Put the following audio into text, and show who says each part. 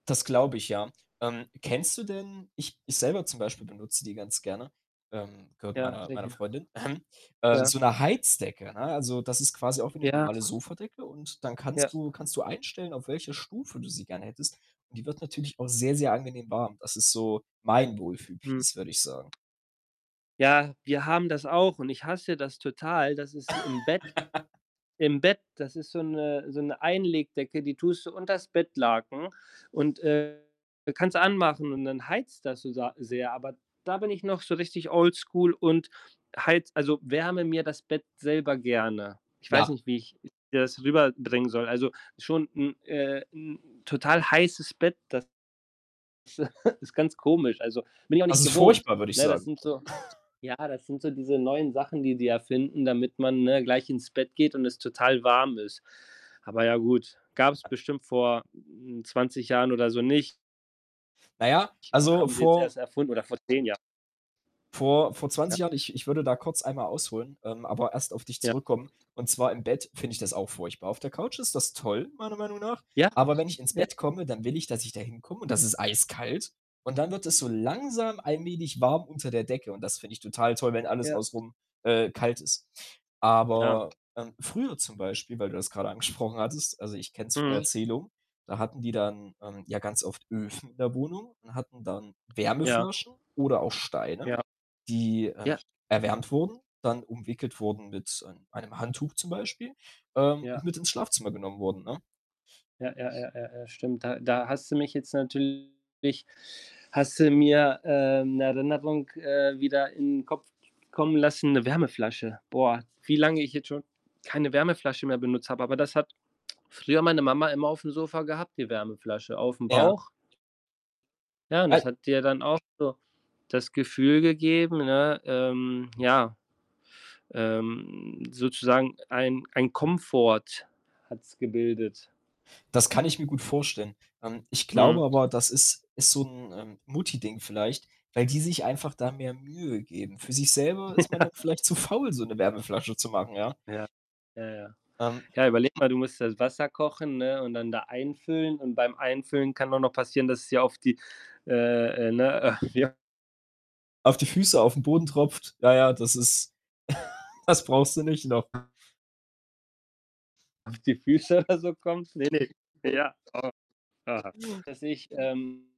Speaker 1: Das glaube ich, ja. Ähm, kennst du denn ich ich selber zum Beispiel benutze die ganz gerne, ähm, gehört
Speaker 2: Ja,
Speaker 1: meiner meiner
Speaker 2: Decke.
Speaker 1: Freundin, ähm, äh,
Speaker 2: Ja.
Speaker 1: so 'ne Heizdecke, ne? Also, das ist quasi auch wie 'ne
Speaker 2: Ja.
Speaker 1: normale Sofadecke und dann
Speaker 2: Ja.
Speaker 1: kannst du kannst du einstellen, auf welcher Stufe du sie gerne hättest. Und die wird natürlich auch sehr, sehr angenehm warm. Das ist so mein Wohlfühl
Speaker 2: Mhm.
Speaker 1: Piece, würde ich sagen.
Speaker 2: Ja, wir haben das auch und ich hasse das total, das ist im Bett. Im Bett, das ist so 'ne so 'ne Einlegdecke, die tust du unters Bettlaken und, äh, kannst du anmachen und dann heizt das so sa sehr. Aber da bin ich noch so richtig oldschool und heize also, wärme mir das Bett selber gerne. Ich weiß
Speaker 1: Ja.
Speaker 2: nicht, wie ich das rüberbringen soll. Also schon 'n äh, 'n total heißes Bett, das ist ganz komisch. Also, bin ich auch
Speaker 1: Das
Speaker 2: nicht
Speaker 1: ist
Speaker 2: gewohnt.
Speaker 1: furchtbar, würde ich
Speaker 2: Ne, das
Speaker 1: sagen.
Speaker 2: sind so ja, das sind so diese neuen Sachen, die die erfinden, damit man, ne, gleich ins Bett geht und es total warm ist. Aber ja gut, gab's bestimmt vor, hm, 20 Jahren oder so nicht
Speaker 1: Na ja,
Speaker 2: und
Speaker 1: also
Speaker 2: haben sie jetzt
Speaker 1: vor
Speaker 2: erst erfunden, oder vor 10 Jahren.
Speaker 1: vor vor
Speaker 2: Ja.
Speaker 1: 20 Jahren ich ich würde da kurz einmal ausholen, ähm, aber erst auf dich
Speaker 2: Ja.
Speaker 1: zurückkommen. Und zwar im Bett finde ich das auch furchtbar. Auf der Couch ist das toll, meiner Meinung nach.
Speaker 2: Ja.
Speaker 1: Aber wenn ich ins
Speaker 2: Ja.
Speaker 1: Bett komme, dann will ich, dass ich da hinkomme und da ist es eiskalt. Und dann wird es so langsam allmählich warm unter der Decke. Und das finde ich total toll, wenn alles
Speaker 2: Ja.
Speaker 1: außenrum, äh, kalt ist.
Speaker 2: Ja.
Speaker 1: Aber, ähm, früher zum Beispiel, weil du das grade angesprochen hattest, also, ich kenne es von
Speaker 2: Mhm.
Speaker 1: Erzählung, da hatten die dann, ähm, ja ganz oft Öfen in der Wohnung und hatten dann
Speaker 2: Ja.
Speaker 1: Wärmeflaschen oder auch Steine,
Speaker 2: Ja.
Speaker 1: die, ähm,
Speaker 2: Ja.
Speaker 1: erwärmt wurden, dann umwickelt wurden mit, ähm, einem Handtuch zum Beispiel, ähm, und
Speaker 2: Ja.
Speaker 1: mit ins Schlafzimmer genommen wurden, ne?
Speaker 2: Ja, ja, ja, ja, ja, stimmt. Da da hast du mich jetzt natürlich hast du mir, äh, 'ne Erinnerung, äh, wieder in 'n Kopf kommen lassen, 'ne Wärmeflasche. Boah, wie lange ich jetzt schon keine Wärmeflasche mehr benutzt habe. Aber das hat früher meine Mama immer aufm Sofa gehabt, die Wärmeflasche aufm
Speaker 1: Ja.
Speaker 2: Bauch. Ja, und das
Speaker 1: [unintelligible]
Speaker 2: hat dir dann auch so das Gefühl gegeben, ne, ähm, ja ähm, sozusagen ein ein Komfort hat's gebildet.
Speaker 1: Das kann ich mir gut vorstellen. Ähm, ich glaube
Speaker 2: Mhm.
Speaker 1: aber, das ist ist so 'n, ähm, Mutti-Ding vielleicht, weil die sich einfach da mehr Mühe geben. Für sich selber ist man da
Speaker 2: Ja.
Speaker 1: vielleicht zu faul, so 'ne Wärmeflasche zu machen, ja?
Speaker 2: Ja, Ja, ja.
Speaker 1: Ähm
Speaker 2: Ja, überleg mal, du musst das Wasser kochen, ne, und dann da einfüllen. Und beim Einfüllen kann auch noch passieren, dass es dir auf die äh, äh, ne, äh, wie h
Speaker 1: Auf die Füße, aufm Boden tropft. Ja, ja, das ist das brauchst du nicht noch.
Speaker 2: Auf die Füße oder so kommt. Ne, ne. Ja. [unintelligible] Das sehe ich, ähm